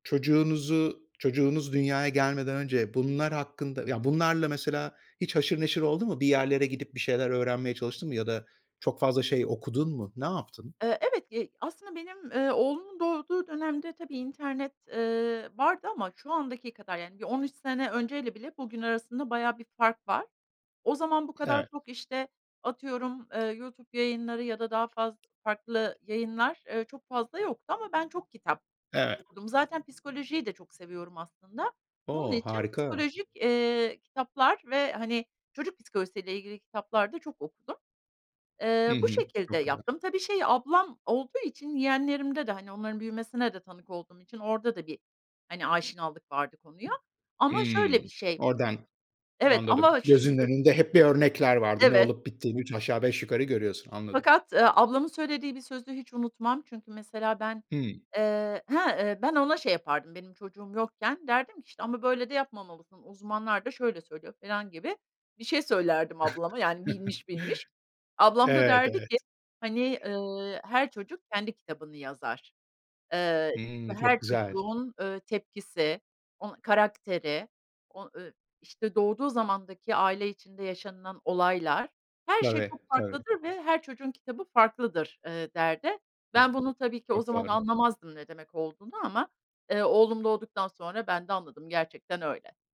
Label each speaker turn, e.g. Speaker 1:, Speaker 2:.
Speaker 1: Çocuğunuzu çocuğunuz dünyaya gelmeden önce bunlar hakkında ya, bunlarla mesela hiç haşır neşir oldun mu? Bir yerlere gidip bir şeyler öğrenmeye çalıştın mı? Ya da çok fazla şey okudun mu? Ne yaptın?
Speaker 2: Iıı, evet, eee, aslında benim, eee, oğlumun doğduğu dönemde, tabii, internet, eee, vardı ama şu andaki kadar yani, bir 13 sene önceyle bile bugün arasında bayağı bir fark var. O zaman bu kadar
Speaker 1: Evet.
Speaker 2: çok, işte, atıyorum, eee, YouTube yayınları ya da daha faz farklı yayınlar, ııı, çok fazla yoktu ama ben çok kitap
Speaker 1: Evet.
Speaker 2: okudum. Zaten psikolojiyi de çok seviyorum aslında. Bunun
Speaker 1: O,
Speaker 2: için
Speaker 1: harika.
Speaker 2: psikolojik, eee, kitaplar ve, hani, çocuk psikolojisiyle ilgili kitaplar da çok okudum.
Speaker 1: Hı
Speaker 2: Eee, bu
Speaker 1: hı,
Speaker 2: şekilde
Speaker 1: çok güzel.
Speaker 2: yaptım. Tabii şey, ablam olduğu için yeğenlerimde de hani onların büyümesine de tanık olduğum için orada da bir, hani, aşinalık vardı konuya.
Speaker 1: Hı.
Speaker 2: Ama şöyle bir
Speaker 1: Imm.
Speaker 2: şey
Speaker 1: Oradan
Speaker 2: Evet
Speaker 1: Anladım.
Speaker 2: ama ş
Speaker 1: Gözünün
Speaker 2: ı
Speaker 1: önünde hep bir örnekler vardı, ne
Speaker 2: Evet.
Speaker 1: olup bittiğini üç aşağı beş yukarı görüyorsun, anladım.
Speaker 2: Fakat, ııı, ablamın söylediği bir sözü hiç unutmam, çünkü mesela ben,
Speaker 1: Hımm.
Speaker 2: eee Hı, ııı, ben ona şey yapardım, benim çocuğum yokken derdim ki, işte, "Ama böyle de yapmamalısın, uzmanlar da şöyle söylüyor." falan gibi bir şey söylerdim ablama, yani, bilmiş bilmiş. Ablam da
Speaker 1: Evet,
Speaker 2: derdi ki,
Speaker 1: evet.
Speaker 2: hani, ııı, "her çocuk kendi kitabını yazar. Eee
Speaker 1: Hımm, çok
Speaker 2: her
Speaker 1: güzel.
Speaker 2: çocuğun ııı tepkisi, onu karakteri, o ııı, i işte, doğduğu zamandaki aile içinde yaşanılan olaylar, her şey
Speaker 1: Tabii,
Speaker 2: çok
Speaker 1: tabii.
Speaker 2: farklıdır ve her çocuğun kitabı farklıdır." eee, derdi.
Speaker 1: Ço
Speaker 2: Ben bunu tabii ki o
Speaker 1: çok
Speaker 2: zaman
Speaker 1: doğru.
Speaker 2: anlamazdım ne demek olduğunu ama, eee, oğlum doğduktan sonra ben de anladım, gerçekten öyle.